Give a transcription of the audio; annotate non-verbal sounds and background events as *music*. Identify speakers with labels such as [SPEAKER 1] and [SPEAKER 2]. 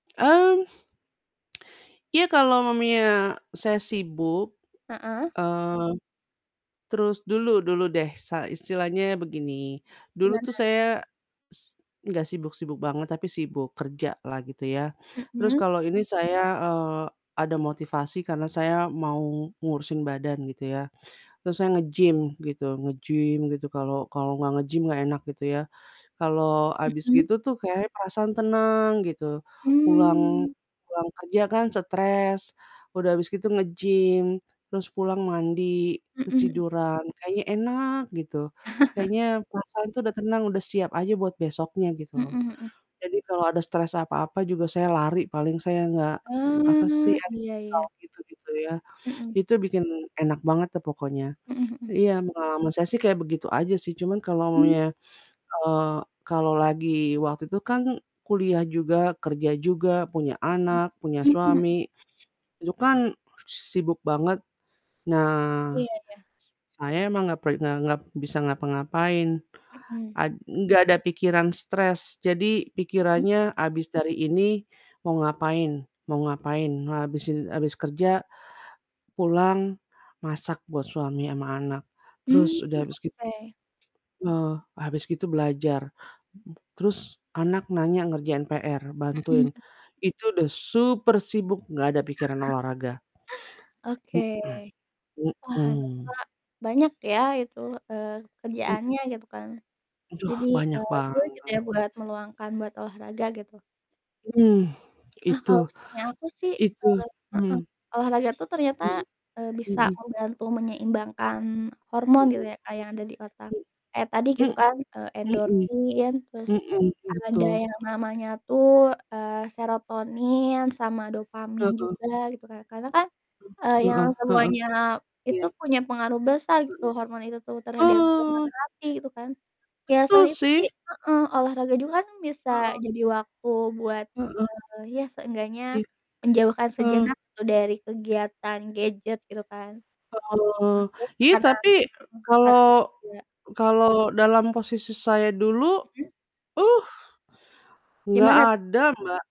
[SPEAKER 1] Mmm. Ya, kalau maminya saya sibuk,
[SPEAKER 2] Heeh.
[SPEAKER 1] eee, terus dulu dulu deh, sa istilahnya begini, dulu tuh
[SPEAKER 2] Gimana?
[SPEAKER 1] saya s enggak sibuk-sibuk banget, tapi sibuk kerja lah gitu ya, terus
[SPEAKER 2] Mhm.
[SPEAKER 1] kalau ini saya, eee, ada motivasi karena saya mau ngurusin badan gitu ya, terus saya nge-gym gitu nge-gym gitu kalau kalau nggak nge-gym gak enak gitu ya, kalau abis
[SPEAKER 2] Mhm.
[SPEAKER 1] gitu tuh kayak perasaan tenang gitu, pulang
[SPEAKER 2] Mmm.
[SPEAKER 1] pulang kerja kan stres, udah abis gitu nge-gym, terus pulang mandi, terus
[SPEAKER 2] Mhm mhm.
[SPEAKER 1] tiduran kayaknya enak gitu, kayaknya
[SPEAKER 2] *laughs* Iya.
[SPEAKER 1] perasaan tuh udah tenang udah siap aja buat besoknya gitu loh.
[SPEAKER 2] Heeh heeh.
[SPEAKER 1] Jadi kalau ada stress apa-apa juga saya lari paling, saya nggak apa sih,
[SPEAKER 2] Ah,
[SPEAKER 1] *unintelligible*
[SPEAKER 2] iya iya.
[SPEAKER 1] gitu-gitu ya.
[SPEAKER 2] Mhm.
[SPEAKER 1] Itu bikin enak banget tuh pokoknya.
[SPEAKER 2] Heeh heeh.
[SPEAKER 1] Iya, pengalaman saya sih kayak begitu aja sih, cuman kalau
[SPEAKER 2] Mmm.
[SPEAKER 1] maminya, eee, kalau lagi waktu itu kan kuliah juga, kerja juga, punya
[SPEAKER 2] Mhm.
[SPEAKER 1] anak, punya
[SPEAKER 2] Mmm, mhm.
[SPEAKER 1] suami, itu kan sibuk banget, nah
[SPEAKER 2] Iya iya.
[SPEAKER 1] s saya emang nggak pe nggak ngap bisa ngapa-ngapain,
[SPEAKER 2] Mhm.
[SPEAKER 1] a nggak ada pikiran stres, jadi
[SPEAKER 2] Mhm.
[SPEAKER 1] pikirannya abis dari ini mau ngapain? Mau ngapain? Habis in habis kerja, pulang masak buat suami sama anak, terus
[SPEAKER 2] Mmm
[SPEAKER 1] udah habis git
[SPEAKER 2] oke.
[SPEAKER 1] eh, habis gitu belajar, terus anak nanya ngerjain PR,
[SPEAKER 2] Mhm
[SPEAKER 1] bantuin,
[SPEAKER 2] mhm.
[SPEAKER 1] itu udah super sibuk gak ada pikiran
[SPEAKER 2] *chuckles*
[SPEAKER 1] olahraga,
[SPEAKER 2] Oke.
[SPEAKER 1] heeh,
[SPEAKER 2] Wah ternyata
[SPEAKER 1] mhm.
[SPEAKER 2] banyak ya itu, eee,
[SPEAKER 1] M
[SPEAKER 2] kerjaannya gitu kan
[SPEAKER 1] Aduh
[SPEAKER 2] jadi,
[SPEAKER 1] banyak
[SPEAKER 2] eee, sulit gitu
[SPEAKER 1] banget.
[SPEAKER 2] ya buat meluangkan buat olahraga gitu.
[SPEAKER 1] Mmm,
[SPEAKER 2] Ah
[SPEAKER 1] itu
[SPEAKER 2] kalau misalnya aku sih,
[SPEAKER 1] itu hmm.
[SPEAKER 2] heeh, olahraga tuh ternyata,
[SPEAKER 1] Mhm,
[SPEAKER 2] e bisa
[SPEAKER 1] mhm.
[SPEAKER 2] membantu menyeimbangkan hormon gitu ya Kak yang ada di otak,
[SPEAKER 1] Heeh.
[SPEAKER 2] kayak tadi gitu
[SPEAKER 1] Hmm
[SPEAKER 2] kan, eee,
[SPEAKER 1] hmm,
[SPEAKER 2] endorfin terus
[SPEAKER 1] heeh heeh heeh,
[SPEAKER 2] ada
[SPEAKER 1] betul.
[SPEAKER 2] yang namanya tuh, eee, serotonin sama dopamin
[SPEAKER 1] Heeh.
[SPEAKER 2] juga gitu kan. Karena kan, eee,
[SPEAKER 1] M
[SPEAKER 2] yang
[SPEAKER 1] heeh heeh,
[SPEAKER 2] semuanya
[SPEAKER 1] iya.
[SPEAKER 2] itu punya pengaruh besar gitu hormon itu tuh
[SPEAKER 1] Heeh,
[SPEAKER 2] terhadap suasana
[SPEAKER 1] ah.
[SPEAKER 2] hati gitu kan, ya
[SPEAKER 1] Betul
[SPEAKER 2] selain itu sih
[SPEAKER 1] sih.
[SPEAKER 2] heeh, olahraga juga kan bisa
[SPEAKER 1] Heeh.
[SPEAKER 2] jadi waktu buat,
[SPEAKER 1] Heeh.
[SPEAKER 2] eee, ya seenggaknya
[SPEAKER 1] Iya,
[SPEAKER 2] menjauhkan
[SPEAKER 1] oh.
[SPEAKER 2] sejenak tuh dari kegiatan gadget gitu kan.
[SPEAKER 1] Heeh,
[SPEAKER 2] Terus
[SPEAKER 1] ya
[SPEAKER 2] tekanan
[SPEAKER 1] tapi
[SPEAKER 2] heeh, tekanan
[SPEAKER 1] kalau
[SPEAKER 2] juga.
[SPEAKER 1] kalau dalam posisi saya dulu
[SPEAKER 2] Heeh.
[SPEAKER 1] uh enggak
[SPEAKER 2] Gimana tuh?
[SPEAKER 1] ada, Mbak.